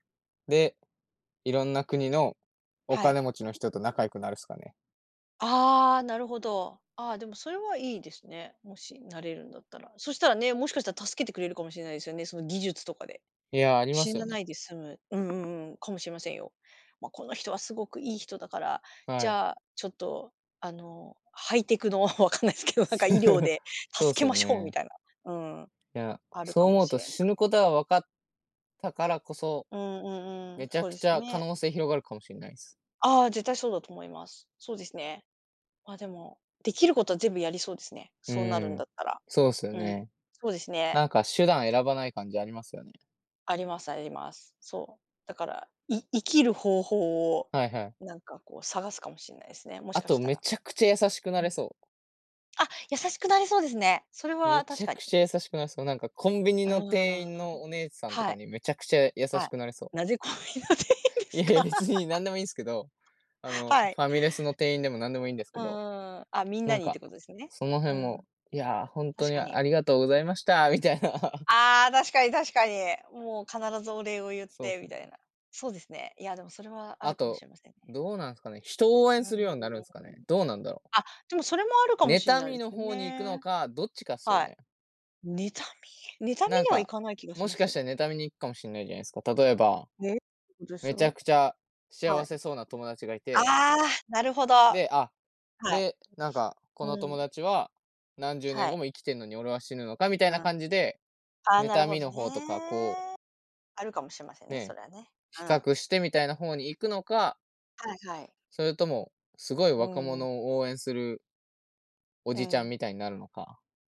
で、いろんな国のおは金い。持ちの人と仲良くなるっすかね。ああ、なるほど。あ、でも、それはいいですね。もしなれるんだったら。そしたらね、もしかしたら助けてくれるかもしれないですよね、その技術とかで。いや、ありま死すよななね。いで済む。うんうんうん、かもしれませんよ。ま、この人はすごくいい人だから、じはい。ゃあちょっと、あの、ハイテクの、わかんないすけど、なんか医療 でそうっ助けすまよしょうみね。たいな、うん、いや、あるそうかも思うしとれな死ぬことは分かったからこそ、うんうんうん、めちゃそうくでちすよゃ可ね。能性広がるかもしれないす。ああ、絶対そうだと思います。そうですね。ま、でもできることは全部やりそうですね、うそうなるーんん、だったら。そうっすようん、ね。そうですね。なんか手段選ばない感じありますよね。ありますあります。そう、だから、い生きる方法を、はいはい。なんか、こう探すかもしれないすね、もしあかとしためら。ちゃくちゃ優しくなうれん。そう。あ、優しくなれそうですね。それめは、確ちゃかくに。ちゃ優しくなれそう、なんかコンビニあの店員ああ。のお姉さんとはかい。にめちゃくちゃ優はしい。くなれそう。なぜ、コンビニの店員でいすやいや、か？別に何でもいいんすけど、あ の、はい。ファミレスの店員でも何でもいいんですうけど。ーん、あ、みんななんにってか、ことですね。そのう辺ん。も、いやあ、ほんと確にかに。ありがとうございましたみたいな。ああ、確かに確かに。もう必ずお礼をゆっそうってすみたね。いな。そうですね、いやでも、それはあるあかもしと、れませんね。どうなんすかね、人を応うー援ん、するようになるんすかね、どうなんだろ？あ、でもそれもあるかもしん妬ないみでのす方に行くのね。か、どっちかっすよはい。ね。妬み？妬みなんにはいか、かない気がしもしますかけしど。て妬みに行くかもしんないじゃないすか。例えば、ね、めちゃく [unintelligible] ちゃは幸い。せそうな友達がいあてあ、なるほど。はで、あ、い。で、なんかこのうん。友達は、何十年は後い。も生きてんのに俺は死ぬのかみたいなあ、感じで、ああ、なる妬ほみどの方とかこうね。あるかもしれませんね、そね、れはね、比うん。較してみたいな方に行くのかはいはい。それとも、すごいう若ー者ん。を応援するおうじちゃんん。みたいになるのか。